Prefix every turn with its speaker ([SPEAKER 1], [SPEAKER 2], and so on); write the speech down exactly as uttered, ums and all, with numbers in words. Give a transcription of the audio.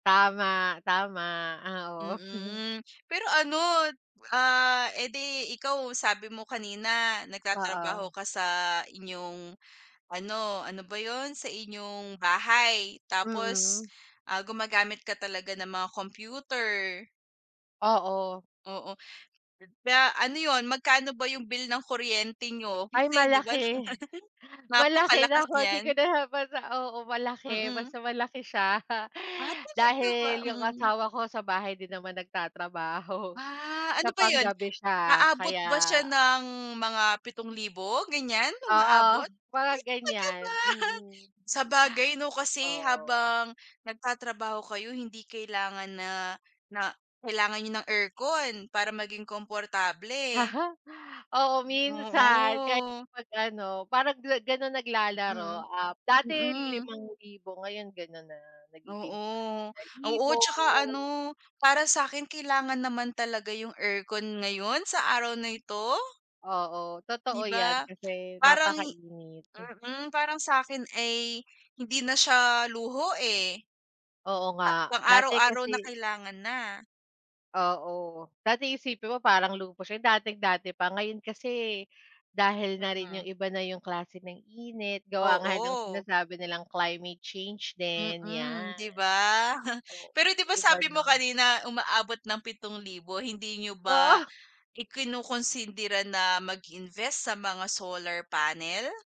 [SPEAKER 1] Tama, tama ah, oo.
[SPEAKER 2] Mm, pero ano, ah, eh di ikaw sabi mo kanina nagtatrabaho
[SPEAKER 1] Oo.
[SPEAKER 2] ka sa inyong, ano ano ba yun? Sa inyong bahay. Tapos,
[SPEAKER 1] Mm.
[SPEAKER 2] ah, gumagamit ka talaga ng mga computer.
[SPEAKER 1] Oo.
[SPEAKER 2] Oo, da ano yun, magkano ba yung bill ng kuryente niyo?
[SPEAKER 1] Ay
[SPEAKER 2] Kasi di ba
[SPEAKER 1] malaki, malaki
[SPEAKER 2] napakalakas
[SPEAKER 1] naku di ko
[SPEAKER 2] niyan?
[SPEAKER 1] na siya ma oo malaki
[SPEAKER 2] Mm.
[SPEAKER 1] basta malaki siya,
[SPEAKER 2] Ah, talaga ba?
[SPEAKER 1] dahil yung
[SPEAKER 2] Mm.
[SPEAKER 1] asawa ko sa bahay din naman nagtatrabaho
[SPEAKER 2] Ah,
[SPEAKER 1] sa
[SPEAKER 2] ano ba yun?
[SPEAKER 1] pang-gabi siya
[SPEAKER 2] Aabot ba siya
[SPEAKER 1] kaya
[SPEAKER 2] ng mga pitong libo ganyan,
[SPEAKER 1] Oo,
[SPEAKER 2] umaabot?
[SPEAKER 1] mga
[SPEAKER 2] Ay! Talaga
[SPEAKER 1] ganyan
[SPEAKER 2] ba?
[SPEAKER 1] mm.
[SPEAKER 2] Sabagay no kasi
[SPEAKER 1] Oo.
[SPEAKER 2] habang nagtatrabaho kayo hindi kailangan na na kailangan niyo ng aircon para maging komportable.
[SPEAKER 1] Oo minsan, kahit
[SPEAKER 2] Oo.
[SPEAKER 1] pag ano parang ganon
[SPEAKER 2] Mm,
[SPEAKER 1] naglalaro, ah, dati
[SPEAKER 2] mm.
[SPEAKER 1] limang libo ngayon ganon na nagiging
[SPEAKER 2] Oo,
[SPEAKER 1] isang
[SPEAKER 2] oo
[SPEAKER 1] libo.
[SPEAKER 2] at saka ano, para sa'kin kailangan naman talaga yung aircon ngayon sa araw na ito.
[SPEAKER 1] Oo, totoo
[SPEAKER 2] Di
[SPEAKER 1] yan
[SPEAKER 2] ba?
[SPEAKER 1] kasi
[SPEAKER 2] Parang
[SPEAKER 1] napaka-init.
[SPEAKER 2] mm parang sa'kin ay hindi na siya luho eh.
[SPEAKER 1] Oo
[SPEAKER 2] Pa
[SPEAKER 1] nga
[SPEAKER 2] pang
[SPEAKER 1] dati
[SPEAKER 2] araw-araw na
[SPEAKER 1] kasi
[SPEAKER 2] kailangan na.
[SPEAKER 1] Oo, dati isipin mo parang luho siya, dating dati pa. Ngayon kasi, dahil na rin yung
[SPEAKER 2] Mm.
[SPEAKER 1] iba na yung klase ng init gawa nga ng
[SPEAKER 2] Oo.
[SPEAKER 1] sinasabi nilang climate change din
[SPEAKER 2] Mm,
[SPEAKER 1] yan.
[SPEAKER 2] di ba? Pero
[SPEAKER 1] Oo,
[SPEAKER 2] di ba
[SPEAKER 1] iba
[SPEAKER 2] sabi
[SPEAKER 1] na.
[SPEAKER 2] mo kanina umaabot ng pitong libo, hindi niyo ba
[SPEAKER 1] Oo.
[SPEAKER 2] ikinukunsindera na mag-invest sa mga solar panel?